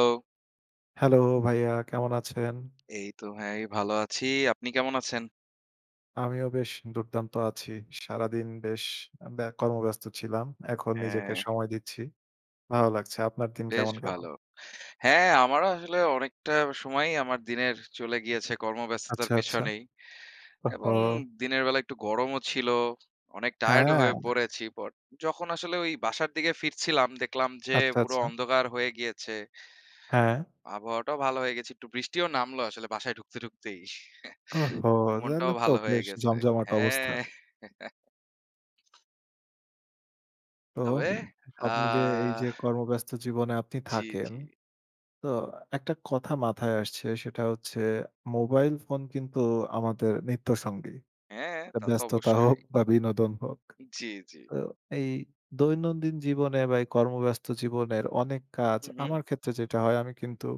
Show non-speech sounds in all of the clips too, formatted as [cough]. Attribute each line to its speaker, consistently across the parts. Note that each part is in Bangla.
Speaker 1: হ্যালো!
Speaker 2: হ্যালো ভাইয়া, কেমন আছেন?
Speaker 1: এইতো ভাই ভালো আছি। আপনি কেমন আছেন?
Speaker 2: আমিও বেশ দুর্দান্ত আছি। সারাদিন বেশ ব্য কর্মব্যস্ত ছিলাম। এখন নিজেকে
Speaker 1: হ্যাঁ।
Speaker 2: সময় দিচ্ছি। ভালো লাগছে। আপনার দিন
Speaker 1: বেশ
Speaker 2: কেমন গেল?
Speaker 1: ভালো। হ্যাঁ, আমারও আসলে অনেকটা সময়ই আমার দিনের চলে গিয়েছে কর্মব্যস্ততার
Speaker 2: আচ্ছা, আচ্ছা।
Speaker 1: পেছনেই এবং
Speaker 2: ওহহো!
Speaker 1: দিনের বেলা একটু গরমও ছিল। অনেক টায়ারড ও হয়ে
Speaker 2: হ্যাঁ।
Speaker 1: পড়েছি পর যখন আসলে ওই বাসার দিকে ফিরছিলাম দেখলাম যে
Speaker 2: আচ্ছা,
Speaker 1: পুরো
Speaker 2: আচ্ছা।
Speaker 1: অন্ধকার হয়ে গিয়েছে।
Speaker 2: হ্যাঁ।
Speaker 1: আবহাওয়াটাও ভালো হয়ে গেছে। একটু বৃষ্টিও নামল আসলে বাসায় ঢুকতে, ঢুকতেই।
Speaker 2: ওহহো!
Speaker 1: [chuckles] মনটাও
Speaker 2: তাহলে তো
Speaker 1: ভালো হয়ে
Speaker 2: বেশ
Speaker 1: গেছে।
Speaker 2: জমজমাট অবস্থা।
Speaker 1: হ্যাঁ। [chuckles]
Speaker 2: তো
Speaker 1: তবে আ
Speaker 2: সব মিলিয়ে এইযে কর্মব্যস্ত জীবনে আপনি
Speaker 1: জি,
Speaker 2: থাকেন,
Speaker 1: জি।
Speaker 2: তো একটা কথা মাথায় আসছে সেটা হচ্ছে মোবাইল ফোন কিন্তু আমাদের নিত্যসঙ্গী।
Speaker 1: হ্যাঁ,
Speaker 2: আ
Speaker 1: তা তো
Speaker 2: ব্যস্ততা হোক
Speaker 1: অবশ্যই।
Speaker 2: বা বিনোদন হোক।
Speaker 1: জি, জি।
Speaker 2: তো এই দৈনন্দিন জীবনে বা এই কর্মব্যস্ত জীবনের অনেক কাজ,
Speaker 1: হুম, হুম?
Speaker 2: আমার ক্ষেত্রে যেটা হয় আমি কিন্তু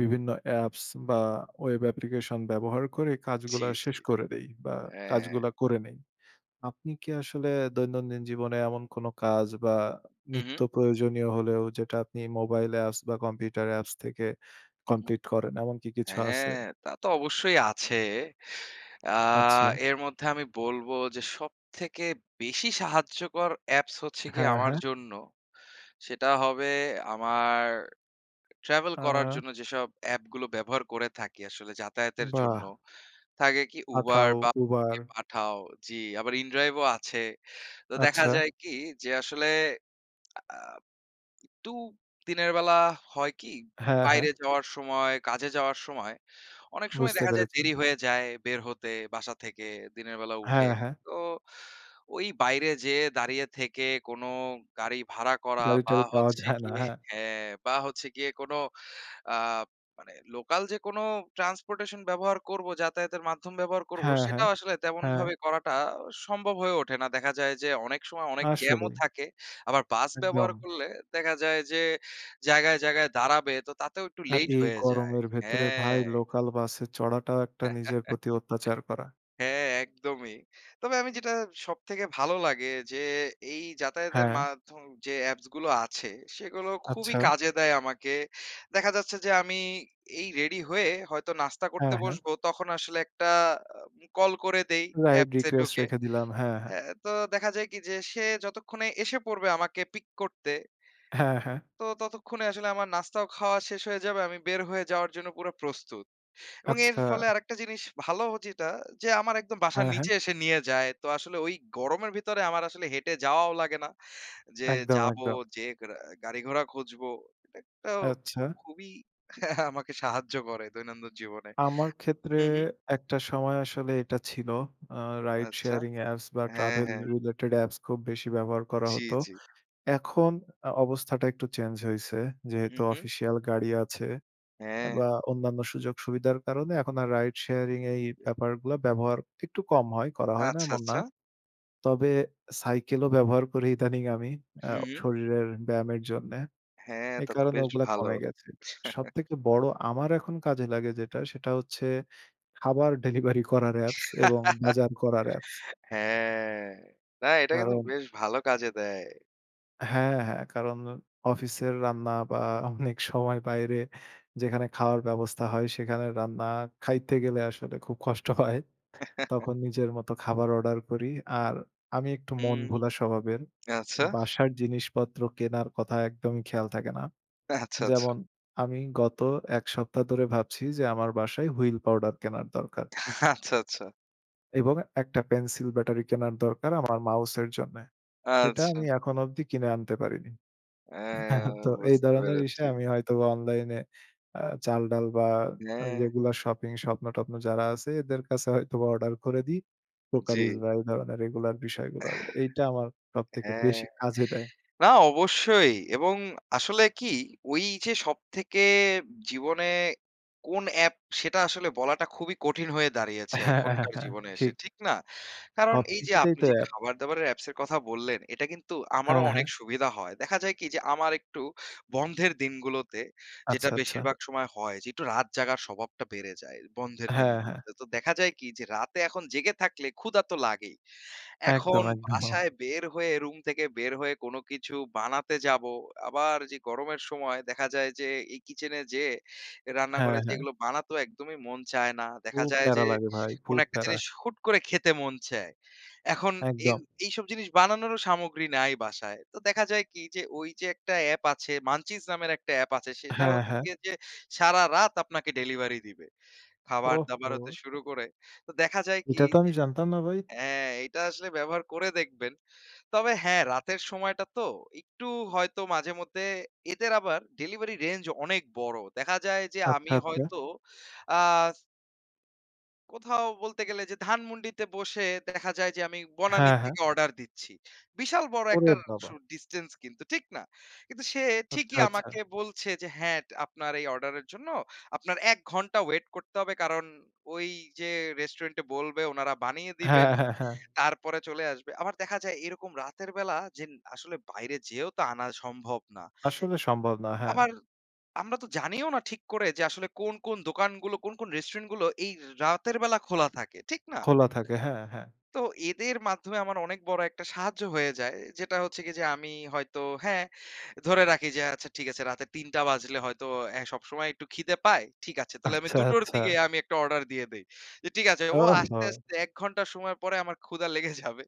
Speaker 2: বিভিন্ন অ্যাপস বা ওয়েব অ্যাপ্লিকেশন ব্যবহার করে
Speaker 1: জি,
Speaker 2: কাজগুলা
Speaker 1: জি।
Speaker 2: শেষ করে দেই বা
Speaker 1: হ্যাঁ।
Speaker 2: কাজগুলা করে নেই। আপনি কি আসলে দৈনন্দিন জীবনে এমন কোনো কাজ বা
Speaker 1: হুম,
Speaker 2: নিত্য
Speaker 1: হুম।
Speaker 2: প্রয়োজনীয় হলেও যেটা আপনি মোবাইল অ্যাপস বা কম্পিউটার অ্যাপস থেকে
Speaker 1: হুম, হুম।
Speaker 2: কমপ্লিট করেন, এমন কি কিছু আছে?
Speaker 1: হ্যাঁ, তা তো অবশ্যই আছে। আ
Speaker 2: আচ্ছা।
Speaker 1: এর মধ্যে আমি বলবো যে সবথেকে বেশি সাহায্যকর অ্যাপস হচ্ছে কি
Speaker 2: হ্যাঁ,
Speaker 1: আমার
Speaker 2: হ্যাঁ।
Speaker 1: জন্য, সেটা হবে আমার ট্রাভেল করার
Speaker 2: আ
Speaker 1: জন্য যেসব এ্যাপগুলো ব্যবহার করে থাকি আসলে যাতায়াতের জন্য।
Speaker 2: বাহ!
Speaker 1: থাকে কি Uber
Speaker 2: Pathao,
Speaker 1: বা কে
Speaker 2: Uber.
Speaker 1: Pathao। জি আবার inDrive ও আছে। তো দেখা
Speaker 2: আচ্ছা।
Speaker 1: যায় কি? যে আসলে আ আ একটু দিনের বেলা হয় কি?
Speaker 2: হ্যাঁ, হ্যাঁ।
Speaker 1: বাইরে যাওয়ার সময় কাজে যাওয়ার সময় অনেক সময়
Speaker 2: বুঝতে
Speaker 1: দেখা যায়
Speaker 2: পেরেছি।
Speaker 1: দেরি হয়ে যায় বের হতে বাসা থেকে দিনের বেলা উঠে।
Speaker 2: হ্যাঁ, হ্যাঁ।
Speaker 1: তো ওই বাইরে যেয়ে দাঁড়িয়ে থেকে কোনো গাড়ি ভাড়া করা বা
Speaker 2: গাড়ি-টাড়ি পাওয়া [scoffs]
Speaker 1: হচ্ছে
Speaker 2: যায় না,
Speaker 1: গিয়ে
Speaker 2: হ্যাঁ।
Speaker 1: হ্যাঁ, বা হচ্ছে গিয়ে কোনো আ মানে লোকাল যে কোনো ট্রান্সপোর্টেশন ব্যবহার করবো, যাতায়াতের মাধ্যম ব্যবহার করব
Speaker 2: হ্যাঁ, হ্যাঁ,
Speaker 1: সেটাও আসলে
Speaker 2: হ্যাঁ।
Speaker 1: তেমনভাবে করাটা সম্ভব হয়ে ওঠে না। দেখা যায় যে অনেক সময় অনেক জ্যাম ও
Speaker 2: আসলেই।
Speaker 1: থাকে। আবার বাস ব্যবহার
Speaker 2: একদম।
Speaker 1: করলে দেখা যায় যে জায়গায়, জায়গায় দাঁড়াবে তো তাতেও একটু
Speaker 2: আর
Speaker 1: লেইট
Speaker 2: এই
Speaker 1: হয়ে যায়।
Speaker 2: গরমের ভেতরে ভাই
Speaker 1: হ্যাঁ।
Speaker 2: লোকাল বাসে চড়াটাও একটা নিজের
Speaker 1: [chuckles]
Speaker 2: প্রতি অত্যাচার করা।
Speaker 1: হ্যাঁ, একদমই। তবে আমি যেটা সবথেকে ভালো লাগে যে এই যাতায়াতের
Speaker 2: হ্যাঁ।
Speaker 1: মাধ্যম যে অ্যাপসগুলো আছে সেগুলো খুবই
Speaker 2: আচ্ছা।
Speaker 1: কাজে দেয় আমাকে। দেখা যাচ্ছে যে আমি এই রেডি হয়ে হয়তো নাস্তা
Speaker 2: হ্যাঁ,
Speaker 1: করতে
Speaker 2: হ্যাঁ।
Speaker 1: বসবো তখন আসলে একটা কল করে দেই
Speaker 2: রাইড
Speaker 1: অ্যাপসে
Speaker 2: রিকোয়েস্ট
Speaker 1: ঢুকে।
Speaker 2: রেখে দিলাম। হ্যাঁ, হ্যাঁ।
Speaker 1: অ্যা তো দেখা যায় কি? যে সে যতক্ষণে এসে পড়বে আমাকে পিক করতে
Speaker 2: হ্যাঁ, হ্যাঁ।
Speaker 1: তো ততক্ষণে আসলে আমার নাস্তাও খাওয়া শেষ হয়ে যাবে। আমি বের হয়ে যাওয়ার জন্য পুরা প্রস্তুত এবং এর
Speaker 2: আচ্ছা।
Speaker 1: ফলে আরেকটা জিনিস ভালো যেটা যে আমার একদম বাসার
Speaker 2: হ্যাঁ, হ্যাঁ।
Speaker 1: নিচে এসে নিয়ে যায়। তো আসলে ওই গরমের ভিতরে আমার আসলে হেঁটে যাওয়াও লাগে না। যে
Speaker 2: একদম,
Speaker 1: যাবো
Speaker 2: একদম।
Speaker 1: যে গ্রা গাড়িঘোড়া খুঁজবো এট একটা আও
Speaker 2: আচ্ছা।
Speaker 1: খুবই [chuckles] আমাকে সাহায্য করে দৈনন্দিন জীবনে।
Speaker 2: আমার ক্ষেত্রে
Speaker 1: হুম, হু্ম?
Speaker 2: একটা সময় আসলে এটা ছিল। আ রাইড
Speaker 1: আচ্ছা।
Speaker 2: শেয়ারিং অ্যাপস বা
Speaker 1: হ্যাঁ,
Speaker 2: ট্রাভেল
Speaker 1: হ্যাঁ।
Speaker 2: রিলেটেড অ্যাপস খুব বেশি ব্যবহার করা
Speaker 1: জি,
Speaker 2: হতো।
Speaker 1: জি।
Speaker 2: এখন আ অবস্থাটা একটু চেঞ্জ হইসে।
Speaker 1: হুম,
Speaker 2: যেহেতু
Speaker 1: হু্ম।
Speaker 2: অফিসিয়াল গাড়ি আছে অ্যা বা
Speaker 1: হ্যাঁ।
Speaker 2: অন্যান্য সুযোগ-সুবিধার কারণে এখন আর রাইড শেয়ারিং এই
Speaker 1: ইয়া
Speaker 2: ব্যাপারগুলা ব্যবহার একটু কম হয়, করা হয় না
Speaker 1: আচ্ছা,
Speaker 2: এমন না।
Speaker 1: আচ্ছা।
Speaker 2: তবে সাইকেলও ব্যবহার করি ইদানিং আমি। আ
Speaker 1: হুম, হু্ম।
Speaker 2: শরীরের ব্যায়ামের জন্যে।
Speaker 1: হ্যাঁ,
Speaker 2: এই
Speaker 1: তা তো
Speaker 2: কারণে
Speaker 1: বেশ
Speaker 2: ওগুলা
Speaker 1: ভালো।
Speaker 2: কমে গেছে।
Speaker 1: [chuckles]
Speaker 2: সবথেকে বড় আমার এখন কাজে লাগে যেটা সেটা হচ্ছে খাবার [scoffs] ডেলিভারি করার অ্যাপস এবং বাজার করার অ্যাপস।
Speaker 1: [laughs] হ্যাঁ। না, এটা কিন্তু
Speaker 2: কারণ
Speaker 1: বেশ ভালো কাজে দেয়।
Speaker 2: হ্যাঁ, হ্যাঁ। কারণ অফিসের রান্না বা [scoffs] অনেকসময় বাইরে যেখানে খাওয়ার ব্যবস্থা হয় সেখানে রান্না খাইতে গেলে আসলে খুব কষ্ট হয়। তখন নিজের মতো খাবার অর্ডার করি। আর আমি একটু মন
Speaker 1: হুম,
Speaker 2: ভোলা স্বভাবের।
Speaker 1: আচ্ছা।
Speaker 2: বাসার জিনিসপত্র কেনার কথা একদমই খেয়াল থাকে না।
Speaker 1: আচ্ছা, আচ্ছা।
Speaker 2: যেমন আমি গত এক সপ্তাহ ধরে ভাবছি যে আমার বাসায় Wheel পাউডার কেনার দরকার।
Speaker 1: আচ্ছা, আচ্ছা।
Speaker 2: এবং একটা পেন্সিল ব্যাটারি কেনার দরকার আমার মাউসের জন্যে। সেটা
Speaker 1: আচ্ছা।
Speaker 2: আমি এখন অব্দি কিনে আনতে পারিনি।
Speaker 1: হ্যাঁ,
Speaker 2: [chuckles] তো এই
Speaker 1: বুঝতে
Speaker 2: ধরনের বিষয়
Speaker 1: পেরেছি।
Speaker 2: আমি হয়তোবা অনলাইনে আ চালডাল বা
Speaker 1: হ্যাঁ।
Speaker 2: রেগুলার শপিং স্বপ্ন-টপ্ন যারা আছে এদের কাছে হয়তোবা অর্ডার করে দেই। কোকারিস
Speaker 1: জি।
Speaker 2: বা এই ধরনের রেগুলার বিষয়গুলো। এইটা আমার সবথেকে
Speaker 1: হ্যাঁ।
Speaker 2: বেশি কাজে দেয়।
Speaker 1: না, অবশ্যই এবং আসলে কি ওই যে সবথেকে জীবনে কোন অ্যাপ সেটা আসলে বলাটা খুবই কঠিন হয়ে দাঁড়িয়েছে
Speaker 2: হ্যাঁ, হ্যাঁ,
Speaker 1: এখনকার
Speaker 2: হ্যাঁ।
Speaker 1: জীবনে এসে।
Speaker 2: ঠিক।
Speaker 1: ঠিক না? কারণ এই যে
Speaker 2: সবকিছুতেই
Speaker 1: আপনি
Speaker 2: তো
Speaker 1: যে
Speaker 2: অ্যাপ।
Speaker 1: খাবার দাবারের অ্যাপস এর কথা বললেন এটা কিন্তু আমারও
Speaker 2: হ্যাঁ,
Speaker 1: অনেক
Speaker 2: হ্যাঁ।
Speaker 1: সুবিধা হয়। দেখা যায় কি? যে আমার একটু বন্ধের দিনগুলোতে যেটা
Speaker 2: আচ্ছা, আচ্ছা।
Speaker 1: বেশিরভাগ সময় হয় যে একটু রাত জাগার স্বভাবটা বেড়ে যায় বন্ধের
Speaker 2: হ্যাঁ, হ্যাঁ।
Speaker 1: দিনগুলোতে। তো দেখা যায় কি? যে রাতে এখন জেগে থাকলে ক্ষুধা তো লাগেই। এখন
Speaker 2: একদম, একদম। ওহ!
Speaker 1: বাসায় বের হয়ে রুম থেকে বের হয়ে কোন কিছু বানাতে যাব। আবার যে গরমের সময় দেখা যায় যে এই কিচেনে যেয়ে
Speaker 2: হ্যাঁ,
Speaker 1: রান্নাঘরে যেয়ে
Speaker 2: হ্যাঁ।
Speaker 1: এগুলো বানাতে একদমই মন চায় না। দেখা
Speaker 2: খুব
Speaker 1: যায়
Speaker 2: প্যারা
Speaker 1: যে
Speaker 2: লাগে ভাই,
Speaker 1: কোন
Speaker 2: খুব
Speaker 1: একটা
Speaker 2: প্যারা।
Speaker 1: জিনিস হুট করে খেতে মন চায়। এখন এই
Speaker 2: একদম।
Speaker 1: এইসব জিনিস বানানোরও সামগ্রী নাই বাসায়। তো দেখা যায় কি? যে ওই যে একটা অ্যাপ আছে Munchies নামের একটা এ্যাপ আছে সেটা
Speaker 2: হ্যাঁ,
Speaker 1: হচ্ছে
Speaker 2: হ্যাঁ।
Speaker 1: গিয়ে যে সারারাত আপনাকে ডেলিভারি দিবে। খাবার দাবার হতে
Speaker 2: ওহহো!
Speaker 1: শুরু করে। তো দেখা যায় কি?
Speaker 2: এটা তো আমি
Speaker 1: যে
Speaker 2: জানতাম না ভাই।
Speaker 1: হ্যাঁ, এটা আসলে ব্যবহার করে দেখবেন। তবে হ্যাঁ রাতের সময়টা তো একটু হয়তো মাঝে মধ্যে এদের আবার ডেলিভারি রেঞ্জ অনেক বড়। দেখা যায় যে
Speaker 2: আচ্ছা,
Speaker 1: আমি
Speaker 2: আচ্ছা।
Speaker 1: হয়তো আ কোথাও বলতে গেলে যে ধানমন্ডিতে বসে দেখা যায় যে আমি বনানী
Speaker 2: হ্যাঁ, হ্যাঁ।
Speaker 1: থেকে অর্ডার দিচ্ছি। বিশাল বড়
Speaker 2: ওরে
Speaker 1: একটা
Speaker 2: বাবা!
Speaker 1: সু ডিসট্যান্স কিন্তু ঠিক না? কিন্তু সে
Speaker 2: আচ্ছা,
Speaker 1: ঠিকই
Speaker 2: আচ্ছা।
Speaker 1: আমাকে বলছে যে, "হ্যাঁ, আপনার এই অর্ডারের জন্য আপনার ১ ঘন্টা ওয়েট করতে হবে।" কারণ, ঐ যেয়ে রেস্টুরেন্টে বলবে উনারা বানিয়ে দিবেন।
Speaker 2: হ্যাঁ, হ্যাঁ, হ্যাঁ।
Speaker 1: তারপরে চলে আসবে। আবার দেখা যায় এরকম রাতের বেলা যে আসলে বাইরে যেয়েও তো আনা সম্ভব না।
Speaker 2: আসলে সম্ভব না, হ্যাঁ।
Speaker 1: আবার, আমরা তো জানিও না ঠিক করে যে আসলে কোন, কোন দোকানগুলো কোন, কোন রেস্টুরেন্ট গুলো এই রাতের বেলা খোলা থাকে। ঠিক না?
Speaker 2: খোলা থাকে, হ্যাঁ, হ্যাঁ।
Speaker 1: তো এদের মাধ্যমে আমার অনেক বড় একটা সাহায্য হয়ে যায়। যেটা হচ্ছে কি? যে আমি হয়তো হ্যাঁ, ধরে রাখি যে আচ্ছা ঠিক আছে রাতে ৩ টা বাজলে হয়তো অ্যা সবসময় একটু খিদে পায়। ঠিক আছে। তাহলে আমি
Speaker 2: আচ্ছা,
Speaker 1: ২ টোর
Speaker 2: আচ্ছা।
Speaker 1: দিকে আমি একটা অর্ডার দিয়ে দেই। যে, ঠিক আছে ও আসতে,
Speaker 2: ওহো!
Speaker 1: আসতে ১ ঘন্টা সময় পরে আমার ক্ষুধা লেগে যাবে।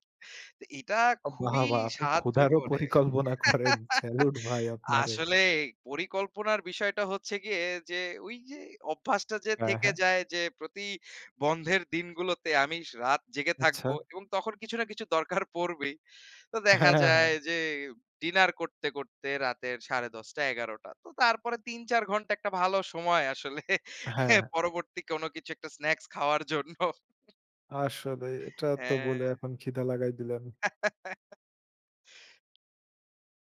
Speaker 1: তো এটা
Speaker 2: অ বাহ!
Speaker 1: খুবই
Speaker 2: বাহ! আপনি
Speaker 1: সাহায্য
Speaker 2: ক্ষুধারও
Speaker 1: করে।
Speaker 2: পরিকল্পনা করেন,
Speaker 1: [laughs]
Speaker 2: স্যালুট ভাই আপনারে।
Speaker 1: আসলে এ পরিকল্পনার বিষয়টা হচ্ছে গিয়ে যে ঐযে অভ্যাসটা যে
Speaker 2: হ্যাঁ,
Speaker 1: থেকে
Speaker 2: হ্যাঁ।
Speaker 1: যায়। যে প্রতি বন্ধের দিনগুলোতে আমি রাত জেগে থাকব
Speaker 2: আচ্ছা।
Speaker 1: এবং তখন কিছু না কিছু দরকার পড়বেই। তো
Speaker 2: হ্যাঁ,
Speaker 1: দেখা
Speaker 2: হ্যাঁ, হ্যাঁ,
Speaker 1: যায়
Speaker 2: হ্যাঁ।
Speaker 1: যে ডিনার করতে, করতে রাতের ১০:৩০ ১১:০০ তো তারপরে ৩-৪ ঘন্টা একটা ভালো সময় আসলে
Speaker 2: হ্যাঁ, হ্যাঁ।
Speaker 1: পরবর্তী কোনো কিছু একটা স্নাকস খাওয়ার জন্য।
Speaker 2: আসলে এটা তো
Speaker 1: হ্যাঁ।
Speaker 2: বলে এখন ক্ষিধা লাগাই দিলেন।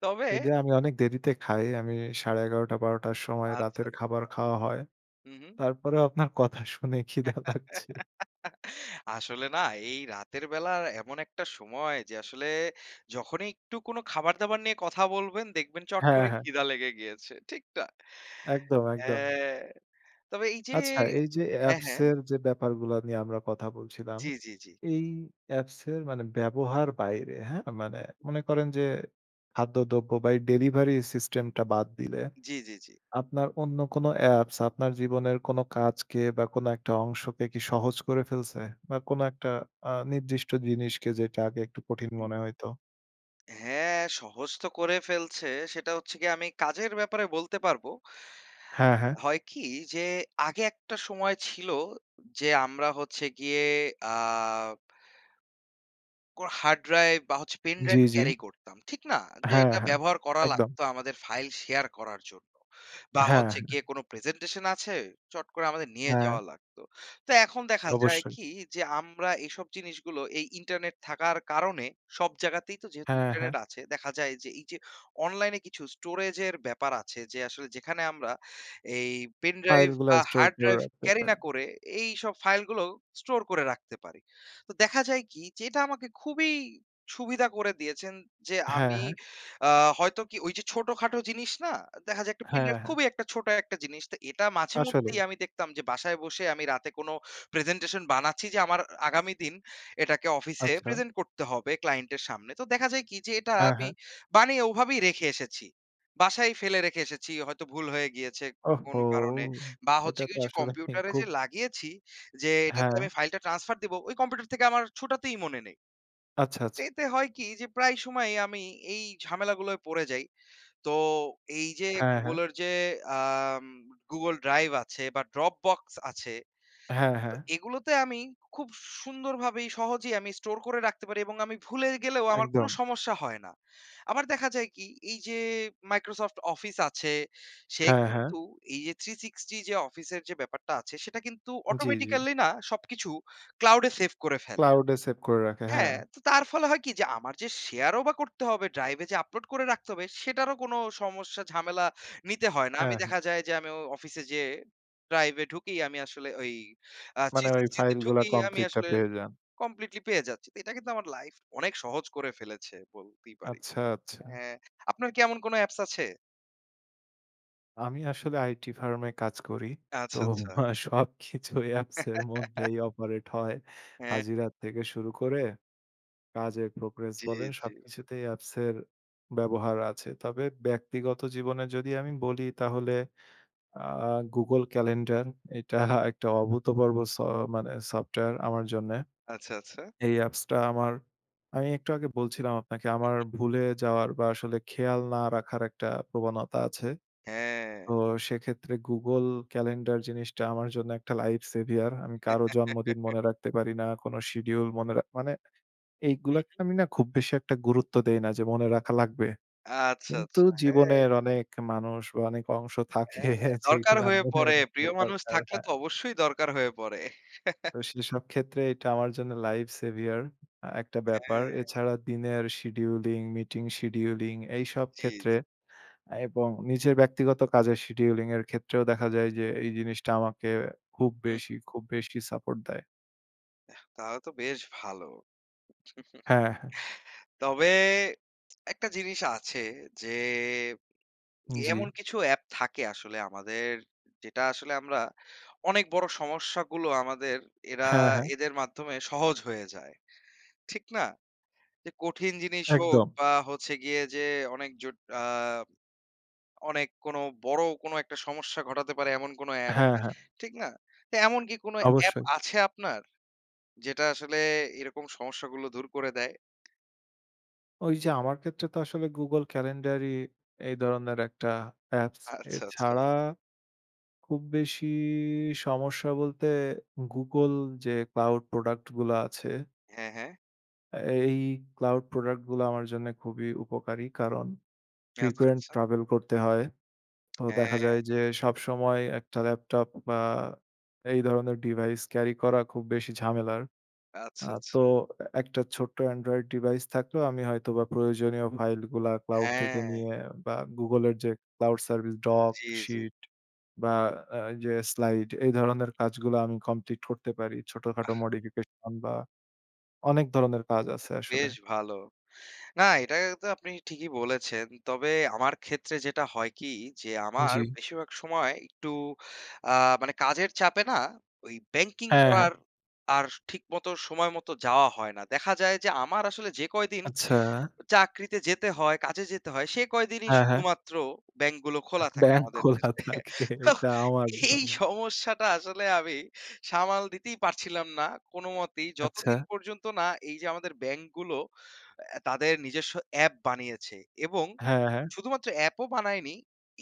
Speaker 1: তবে
Speaker 2: যদিও আমি অনেক দেরিতে খাই আমি ১১:৩০-১২:০০ র সময়
Speaker 1: আচ্ছা।
Speaker 2: রাতের খাবার খাওয়া হয়,
Speaker 1: হু, হু।
Speaker 2: তারপরেও আপনার কথা শুনে খিদা লাগছে।
Speaker 1: [laughs] আসলে না এই রাতের বেলার এমন একটা সময় যে আসলে যখনই একটু কোন খাবার দাবার নিয়ে কথা বলবেন দেখবেন চট
Speaker 2: হ্যাঁ,
Speaker 1: করে
Speaker 2: হ্যাঁ।
Speaker 1: খিদা লেগে গিয়েছে। ঠিক না?
Speaker 2: একদম, একদম।
Speaker 1: হ্যাঁ। তবে এই যে
Speaker 2: আচ্ছা, এই যে
Speaker 1: হ্যাঁ,
Speaker 2: অ্যাপস
Speaker 1: হ্যাঁ।
Speaker 2: এর যে ব্যাপারগুলা নিয়ে আমরা কথা বলছিলাম,
Speaker 1: জি, জি, জি।
Speaker 2: এই অ্যাপস এর মানে ব্যবহার বাইরে হ্যাঁ? মানে, মনে করেন যে খাদ্যদ্রব্য বা এই ডেলিভারির সিস্টেম টা বাদ দিলে
Speaker 1: জি, জি, জি।
Speaker 2: আপনার অন্য কোন অ্যাপস আপনার জীবনের কোন কাজকে বা কোন একটা অংশকে কি সহজ করে ফেলছে? বা কোনো একটা আ নির্দিষ্ট জিনিসকে যেটা আগে একটু কঠিন
Speaker 1: হুম।
Speaker 2: মনে হইত?
Speaker 1: হ্যাঁ, সহজ তো করে ফেলছে সেটা হচ্ছে গিয়ে আমি কাজের ব্যাপারে বলতে পারবো।
Speaker 2: হ্যাঁ, হ্যাঁ।
Speaker 1: হয় কি যে আগে একটা সময় ছিল যে আমরা হচ্ছে গিয়ে আব কোর হার্ড ড্রাইভ বা হচ্ছে পেন
Speaker 2: জ্বি,
Speaker 1: ড্রাইভ
Speaker 2: জ্বি।
Speaker 1: ক্যারি করতাম। ঠিক না? যে
Speaker 2: হ্যাঁ,
Speaker 1: এটা
Speaker 2: হ্যাঁ,
Speaker 1: ব্যবহার করা
Speaker 2: একদম।
Speaker 1: লাগতো আমাদের ফাইল শেয়ার করার জন্য। বা
Speaker 2: হ্যাঁ,
Speaker 1: হচ্ছে
Speaker 2: হ্যাঁ।
Speaker 1: গিয়ে কোন প্রেজেন্টেশন আছে চট করে আমাদের নিয়ে
Speaker 2: হ্যাঁ।
Speaker 1: যাওয়া লাগতো। তো এখন দেখা যায়
Speaker 2: অবশ্যই।
Speaker 1: কি? যে আমরা এইসব জিনিসগুলো এই ইন্টারনেট থাকার কারণে সব জায়গাতেই তো যেহেতু
Speaker 2: হ্যাঁ, হ্যাঁ।
Speaker 1: ইন্টারনেট আছে, দেখা যায় যে এই যে অনলাইনে কিছু স্টোরেজ এর ব্যাপার আছে যে আসলে যেখানে আমরা এই পেনড্রাইভ
Speaker 2: ফাইল গুলা
Speaker 1: বা
Speaker 2: স্টোর
Speaker 1: হার্ড
Speaker 2: করে
Speaker 1: ড্রাইভ
Speaker 2: রাখতে
Speaker 1: ক্যারি না
Speaker 2: পারি।
Speaker 1: করে এইসব ফাইল গুলো স্টোর করে রাখতে পারি। তো দেখা যায় কি? যে এটা আমাকে খুবই সুবিধা করে দিয়েছেন যে
Speaker 2: হ্যাঁ,
Speaker 1: আমি
Speaker 2: হ্যাঁ।
Speaker 1: আ হয়তো কি? ওই যে ছোটখাটো জিনিস না দেখা যায় একটা পেন
Speaker 2: হ্যাঁ,
Speaker 1: ড্রাইভ
Speaker 2: হ্যাঁ।
Speaker 1: খুবই একটা ছোট একটা জিনিস। তো এটা মাঝে মধ্যেই
Speaker 2: আসলেই।
Speaker 1: আমি দেখতাম যে বাসায় বসে আমি রাতে কোন প্রেজেন্টেশন বানাচ্ছি যে আমার আগামী দিন এটাকে অফিসে
Speaker 2: আচ্ছা।
Speaker 1: প্রেজেন্ট করতে হবে ক্লায়েন্টের সামনে। তো দেখা যায় কি? যে এটা
Speaker 2: হ্যাঁ,
Speaker 1: আমি
Speaker 2: হ্যাঁ।
Speaker 1: বানিয়ে ওভাবেই রেখে এসেছি। বাসায় ফেলে রেখে এসেছি। হয়তো ভুল হয়ে গিয়েছে কোন
Speaker 2: ওহহো!
Speaker 1: কারণে বা
Speaker 2: এটা
Speaker 1: হচ্ছে
Speaker 2: তো
Speaker 1: গিয়ে যে ঐযে
Speaker 2: আসলে মানে
Speaker 1: কম্পিউটারে
Speaker 2: খুব
Speaker 1: যে লাগিয়েছি যে এটাতে আমি
Speaker 2: হ্যাঁ।
Speaker 1: ফাইলটা ট্রান্সফার দিব ওই কম্পিউটার থেকে আমার ছোটাতেই মনে নেই।
Speaker 2: আচ্ছা,
Speaker 1: তো
Speaker 2: আচ্ছা।
Speaker 1: এতে হয় কি যে প্রায় সময়ই আমি এই ঝামেলা গুলোয় পড়ে যাই। তো এই যে
Speaker 2: হ্যাঁ, হ্যাঁ।
Speaker 1: Google এর যে আম Google Drive আছে বা Dropbox আছে।
Speaker 2: হ্যাঁ,
Speaker 1: তো
Speaker 2: হ্যাঁ।
Speaker 1: এগুলোতে আমি খুব সুন্দরভাবেই সহজেই আমি স্টোর করে রাখতে পারি এবং আমি ভুলে গেলেও আমার কোন
Speaker 2: একদম।
Speaker 1: সমস্যা হয় না। আবার দেখা যায় কি? এই যে Microsoft Office আছে সে
Speaker 2: হ্যাঁ, হ্যাঁ।
Speaker 1: কিন্তু এই যে 360 যে Office যে ব্যাপারটা আছে সেটা কিন্তু
Speaker 2: জ্বী, জ্বী।
Speaker 1: অটোমেটিক্যালি না সবকিছু ক্লাউড এ সেভ করে ফেলে।
Speaker 2: ক্লাউড এ সেভ করে রাখে, হ্যাঁ।
Speaker 1: হ্যাঁ, তো তার ফলে হয় কি? যে আমার যে শেয়ার ও বা করতে হবে Drive এ যে আপলোড করে রাখতে হবে সেটারও কোন সমস্যা, ঝামেলা নিতে হয় না।
Speaker 2: হ্যাঁ,
Speaker 1: আমি
Speaker 2: হ্যাঁ।
Speaker 1: দেখা যায় যে আমি অফিসে যেয়ে Drive এ ঢুকি আমি আসলে ওই আ
Speaker 2: মানে ওই
Speaker 1: 360 তে
Speaker 2: ফাইল গুলা
Speaker 1: ঢুকি আমি
Speaker 2: কমপ্লিট টা
Speaker 1: আসলে
Speaker 2: পেয়ে যান।
Speaker 1: কমপ্লিটলি পেয়ে যাচ্ছি। তো এটা কিন্তু আমার লাইফ অনেক সহজ করে ফেলেছে বলতেই পারি।
Speaker 2: আচ্ছা,
Speaker 1: হ্যা,
Speaker 2: আচ্ছা।
Speaker 1: আপনার কি এমন কোন অ্যাপস আছে?
Speaker 2: আমি আসলে আইটি ফার্ম এ কাজ করি। তো
Speaker 1: আচ্ছা, আচ্ছা।
Speaker 2: আ সবকিছু অ্যাপসের
Speaker 1: [laughs]
Speaker 2: মধ্যেই অপারেট হয়।
Speaker 1: হ্যাঁ।
Speaker 2: হাজিরা থেকে শুরু করে কাজের প্রোগ্রেস
Speaker 1: জি,
Speaker 2: বলেন,
Speaker 1: জি।
Speaker 2: সবকিছুতেই অ্যাপসের ব্যবহার আছে। তবে ব্যক্তিগত জীবনে যদি আমি বলি তাহলে আ Google Calendar, এটা [scoffs] একটা অভূতপূর্ব স মানে সফটওয়ার আমার জন্যে।
Speaker 1: আচ্ছা, আচ্ছা।
Speaker 2: এই অ্যাপসটা আমার আমি একটু আগে বলছিলাম আপনাকে
Speaker 1: হুম,
Speaker 2: আমার
Speaker 1: হুম।
Speaker 2: ভুলে যাওয়ার বা আসলে খেয়াল না রাখার একটা প্রবণতা আছে।
Speaker 1: হ্যাঁ।
Speaker 2: তো সেক্ষেত্রে Google Calendar জিনিসটা আমার জন্য একটা লাইফ সেভিয়ার। আমি কারো জন্মদিন
Speaker 1: [laughs]
Speaker 2: মনে রাখতে পারি না। কোনো শিডিউল মনে রা মানে
Speaker 1: হুম,
Speaker 2: এইগুলাকে
Speaker 1: হুম।
Speaker 2: আমি না খুব বেশি একটা গুরুত্ব দেই না যে মনে রাখা লাগবে।
Speaker 1: আচ্ছা,
Speaker 2: কিন্তু
Speaker 1: আচ্ছা। হ্যাঁ।
Speaker 2: জীবনের অনেক মানুষ বা অনেক অংশ থাকে
Speaker 1: হ্যাঁ, দরকার
Speaker 2: যেইগুলো
Speaker 1: হয়ে
Speaker 2: মনে
Speaker 1: পড়ে।
Speaker 2: রাখা
Speaker 1: প্রিয় মানুষ
Speaker 2: দরকার।
Speaker 1: থাকলে তো
Speaker 2: হ্যাঁ।
Speaker 1: অবশ্যই দরকার হয়ে পড়ে। [chuckles]
Speaker 2: তো সেসব ক্ষেত্রে এটা আমার জন্য লাইফ সেভিয়ার। আ একটা ব্যাপার।
Speaker 1: হ্যাঁ।
Speaker 2: এছাড়া দিনের শিডিউলিং, মিটিং শিডিউলিং এইসব
Speaker 1: জি, জি।
Speaker 2: ক্ষেত্রে এবং নিজের ব্যক্তিগত কাজের শিডিউলিং এর ক্ষেত্রেও দেখা যায় যে এই জিনিসটা আমাকে খুব
Speaker 1: হুম,
Speaker 2: বেশি
Speaker 1: হুম।
Speaker 2: খুব বেশি সাপোর্ট দেয়।
Speaker 1: আহ! তাহলে তো বেশ ভালো।
Speaker 2: হ্যাঁ, হ্যাঁ।
Speaker 1: [chuckles] তবে একটা জিনিস আছে যে, এমন
Speaker 2: জি।
Speaker 1: কিছু app থাকে আসলে আমাদের যেটা আসলে আমরা অনেক বড় সমস্যাগুলো আমাদের এরা
Speaker 2: হ্যাঁ, হ্যাঁ।
Speaker 1: এদের মাধ্যমে সহজ হয়ে যায়। ঠিক না? যে, কঠিন জিনিস হোক
Speaker 2: একদম।
Speaker 1: বা হচ্ছে গিয়ে যে, অনেক আ অনেক কোন বড় কোন একটা সমস্যা ঘটাতে পারে এমন কোন app,
Speaker 2: হ্যাঁ, হ্যাঁ।
Speaker 1: ঠিক না? তে এমন কি কোন app
Speaker 2: অবশ্যই।
Speaker 1: আছে আপনার? যেটা আসলে এরকম সমস্যাগুলো দূর করে দেয়।
Speaker 2: ওই যে, আমার ক্ষেত্রে তো আসলে Google Calendar ই এই ধরনের একটা apps.
Speaker 1: আচ্ছা, আচ্ছা।
Speaker 2: এছাড়া খুব বেশি সমস্যা বলতে, Google যে, cloud product গুলা আছে
Speaker 1: হ্যাঁ, হ্যাঁ।
Speaker 2: এই cloud product গুলো আমার জন্য খুবই উপকারী। কারণ,
Speaker 1: জি, আচ্ছা,
Speaker 2: frequent
Speaker 1: আচ্ছা।
Speaker 2: travel করতে হয়। তো
Speaker 1: [smacks lips]
Speaker 2: দেখা যায় যে,
Speaker 1: হ্যাঁ।
Speaker 2: সবসময় একটা ল্যাপটপ বা এই ধরনের device carry করা খুব বেশি ঝামেলার।
Speaker 1: আচ্ছা,
Speaker 2: আ তো
Speaker 1: আচ্ছা।
Speaker 2: একটা ছোট্ট android device থাকলেও আমি হয়তো বা প্রয়োজনীয় file গুলা cloud থেকে
Speaker 1: হ্যাঁ।
Speaker 2: নিয়ে বা Google এর যে, cloud service, Doc,
Speaker 1: জি, জি।
Speaker 2: Sheet বা আ এইযে slide, এই ধরনের কাজগুলা আমি complete করতে পারি। ছোটখাটো
Speaker 1: বাহ!
Speaker 2: modification বা অনেক ধরনের কাজ
Speaker 1: তা
Speaker 2: আছে
Speaker 1: তো
Speaker 2: আসলে।
Speaker 1: বেশ ভালো। না, এটা তো আপনি ঠিকই বলেছেন। তবে আমার ক্ষেত্রে যেটা হয় কি? যে, আমার
Speaker 2: জি।
Speaker 1: বেশিরভাগ সময় একটু আ মানে কাজের চাপে না ওই ব্যাংকিং
Speaker 2: হ্যাঁ, হ্যাঁ।
Speaker 1: করার আর ঠিক মতো, সময় মতো যাওয়া হয় না। দেখা যায় যে, আমার আসলে যে, কয়দিন
Speaker 2: আচ্ছা?
Speaker 1: চাকরিতে যেতে হয়, কাজে যেতে হয়, সে কয়দিনই
Speaker 2: হ্যাঁ, হ্যাঁ।
Speaker 1: শুধুমাত্র ব্যাংকগুলো খোলা থাকে
Speaker 2: ব্যাংক
Speaker 1: আমাদের
Speaker 2: খোলা
Speaker 1: দেশে।
Speaker 2: থাকে,
Speaker 1: তো
Speaker 2: এটা আমার
Speaker 1: এই
Speaker 2: জন্য।
Speaker 1: সমস্যাটা আসলে আমি সামাল দিতেই পারছিলাম না কোনোমতেই,
Speaker 2: আচ্ছা।
Speaker 1: যতদিন পর্যন্ত না এই যে, আমাদের ব্যাংক গুলো তাদের নিজস্ব app বানিয়েছে এবং
Speaker 2: হ্যাঁ, হ্যাঁ।
Speaker 1: শুধুমাত্র app ও বানায়নি,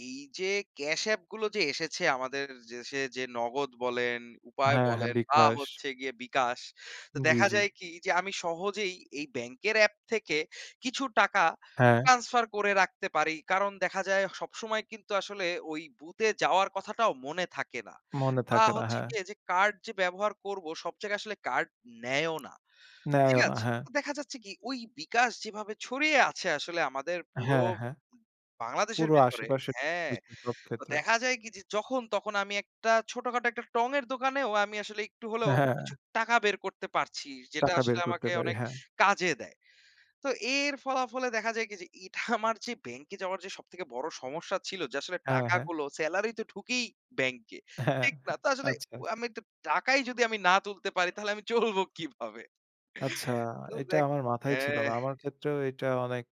Speaker 1: এই যে, cash app গুলো যে, এসেছে আমাদের দেশে যে, নগদ বলেন, উপায়
Speaker 2: হ্যাঁ, হ্যাঁ,
Speaker 1: বলেন বা
Speaker 2: বিকাশ।
Speaker 1: হচ্ছে গিয়ে বিকাশ। তো
Speaker 2: জি,
Speaker 1: দেখা
Speaker 2: জি।
Speaker 1: যায় কি যে, আমি সহজেই এই ব্যাংকের অ্যাপ থেকে কিছু টাকা
Speaker 2: হ্যাঁ।
Speaker 1: transfer করে রাখতে পারি। কারণ দেখা যায়, সবসময় কিন্তু আসলে ওই বুথে যাওয়ার কথাটাও মনে থাকে না
Speaker 2: মনে
Speaker 1: বা
Speaker 2: থাকে না,
Speaker 1: হচ্ছে
Speaker 2: হ্যাঁ।
Speaker 1: গিয়ে যে, card যে, ব্যবহার করব, সব জায়গায় আসলে card নেয়ও না। ঠিক
Speaker 2: নেয়ও না,
Speaker 1: আছে?
Speaker 2: হ্যাঁ।
Speaker 1: তো দেখা যাচ্ছে কি, ওই বিকাশ যেভাবে ছড়িয়ে আছে আসলে আমাদের পুরো
Speaker 2: হ্যাঁ, হ্যাঁ।
Speaker 1: বাংলাদেশের
Speaker 2: পুরো
Speaker 1: ভেতরে
Speaker 2: আশেপাশের,
Speaker 1: হ্যাঁ।
Speaker 2: সব
Speaker 1: তো
Speaker 2: ক্ষেত্রে।
Speaker 1: দেখা যায় কি যে, যখন, তখন আমি একটা ছোটখাটো একটা টঙের দোকানেও আমি আসলে একটু হলেও
Speaker 2: হ্যাঁ, হ্যাঁ।
Speaker 1: কিছু টাকা বের করতে পারছি, যেটা
Speaker 2: টাকা বের
Speaker 1: আসলে
Speaker 2: করতে
Speaker 1: আমাকে
Speaker 2: পারি,
Speaker 1: অনেক
Speaker 2: হ্যাঁ।
Speaker 1: কাজে দেয়। তো এর ফলাফলে দেখা যায় কি যে, এটা [scoffs] আমার যে, ব্যাংকে যাওয়ার যে, সবথেকে বড় সমস্যা ছিল যে, আসলে
Speaker 2: হ্যাঁ, হ্যাঁ।
Speaker 1: টাকাগুলো। সেলারি তো ঢুকেই ব্যাংকে,
Speaker 2: হ্যাঁ,
Speaker 1: ঠিক না?
Speaker 2: হ্যাঁ
Speaker 1: আসলে
Speaker 2: আচ্ছা।
Speaker 1: আমি তো টাকাই যদি আমি না তুলতে পারি, তাহলে আমি চলব কিভাবে?
Speaker 2: আচ্ছা।
Speaker 1: তো
Speaker 2: এটা
Speaker 1: দেখ
Speaker 2: আমার মাথায় ছিল
Speaker 1: হ্যাঁ।
Speaker 2: না। আমার ক্ষেত্রেও এটা অনেক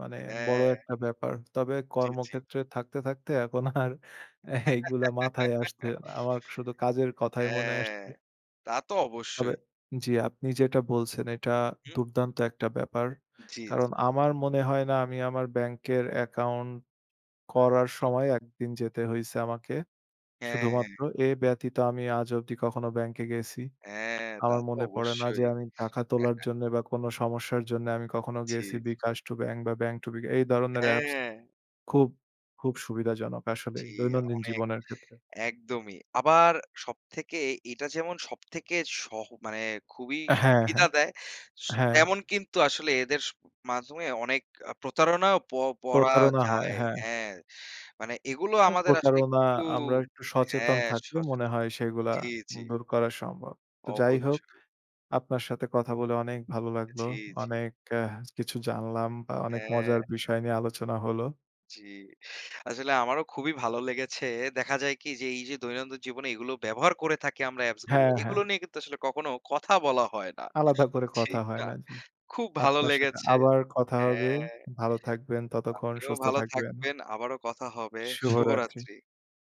Speaker 2: মানে বড়
Speaker 1: হ্যাঁ।
Speaker 2: একটা ব্যাপার। তবে
Speaker 1: জি, জি।
Speaker 2: কর্মক্ষেত্রে থাকতে, থাকতে এখন আর এইগুলা মাথায় আসতে
Speaker 1: [laughs]
Speaker 2: না আমার শুধু কাজের কথাই মনে
Speaker 1: হ্যাঁ।
Speaker 2: আসছে।
Speaker 1: তা তো
Speaker 2: তবে
Speaker 1: অবশ্যই।
Speaker 2: জি, আপনি যেটা বলছেন এটা
Speaker 1: হুম।
Speaker 2: দুর্দান্ত একটা ব্যাপার।
Speaker 1: জি, জি।
Speaker 2: কারণ, আমার মনে হয় না আমি আমার ব্যাংকের account করার
Speaker 1: হুম।
Speaker 2: সময় একদিন যেতে হইছে আমাকে।
Speaker 1: হ্যাঁ, হ্যাঁ।
Speaker 2: শুধুমাত্র এ ব্যতীত আমি আজ অব্দি কখনো ব্যাংকে গেসি।
Speaker 1: হ্যাঁ, তা
Speaker 2: আমার
Speaker 1: তো
Speaker 2: মনে পড়ে না যে,
Speaker 1: অবশ্যই।
Speaker 2: আমি টাকা তোলার জন্য বা কোন সমস্যার জন্য আমি কখনো
Speaker 1: জি,
Speaker 2: গেসি।
Speaker 1: জি।
Speaker 2: বিকাশ to ব্যাংক বা ব্যাংক to বিকাশ, এই ধরনের apps
Speaker 1: হ্যাঁ।
Speaker 2: খুব খুব সুবিধাজনক আসলেই,
Speaker 1: জি,
Speaker 2: দৈনন্দিন
Speaker 1: অনেক।
Speaker 2: জীবনের ক্ষেত্রে।
Speaker 1: একদমই। আবার সবথেকে এটা যেমন সবথেকে সহ মানে খুবই
Speaker 2: হ্যাঁ,
Speaker 1: সুবিধা
Speaker 2: হ্যাঁ,
Speaker 1: দেয়,
Speaker 2: হ্যাঁ।
Speaker 1: তেমন কিন্তু আসলে এদের মাধ্যমে অনেক প্রতারণাও প পড়া
Speaker 2: প্রতারণা হয়,
Speaker 1: যায়।
Speaker 2: হ্যাঁ।
Speaker 1: হ্যাঁ, মানে এগুলো
Speaker 2: তো
Speaker 1: আমাদের আসলে
Speaker 2: প্রতারণা
Speaker 1: একটু
Speaker 2: আমরা একটু সচেতন
Speaker 1: হ্যাঁ,
Speaker 2: থাকলে মনে
Speaker 1: সচেতন
Speaker 2: হয় সেইগুলা
Speaker 1: জি, জি।
Speaker 2: দূর করা সম্ভব। তো যাই হোক,
Speaker 1: অবশ্যই।
Speaker 2: আপনার সাথে কথা বলে অনেক ভালো লাগলো।
Speaker 1: জি, জি।
Speaker 2: অনেক আ কিছু জানলাম বা অনেক
Speaker 1: হ্যাঁ।
Speaker 2: মজার বিষয় নিয়ে আলোচনা হলো।
Speaker 1: জি। আসলে আমারও খুবই ভালো লেগেছে দেখা যায় কি যে, এই যে, দৈনন্দিন জীবনে এগুলো ব্যবহার করে থাকি আমরা apps গুলো,
Speaker 2: হ্যাঁ, হ্যাঁ।
Speaker 1: এগুলো নিয়ে কিন্তু আসলে কখনো কথা বলা হয় না।
Speaker 2: আলাদা করে কথা
Speaker 1: ঠিক
Speaker 2: হয়
Speaker 1: না?
Speaker 2: না, জি।
Speaker 1: খুব ভালো
Speaker 2: আপনার সাথে
Speaker 1: লেগেছে।
Speaker 2: আবার কথা হবে।
Speaker 1: হ্যাঁ,
Speaker 2: ভালো থাকবেন, ততক্ষণ
Speaker 1: আপনিও
Speaker 2: সুস্থ
Speaker 1: ভালো
Speaker 2: থাকবেন।
Speaker 1: থাকবেন। আবারো কথা হবে।
Speaker 2: শুভরাত্রি।
Speaker 1: শুভরাত্রি।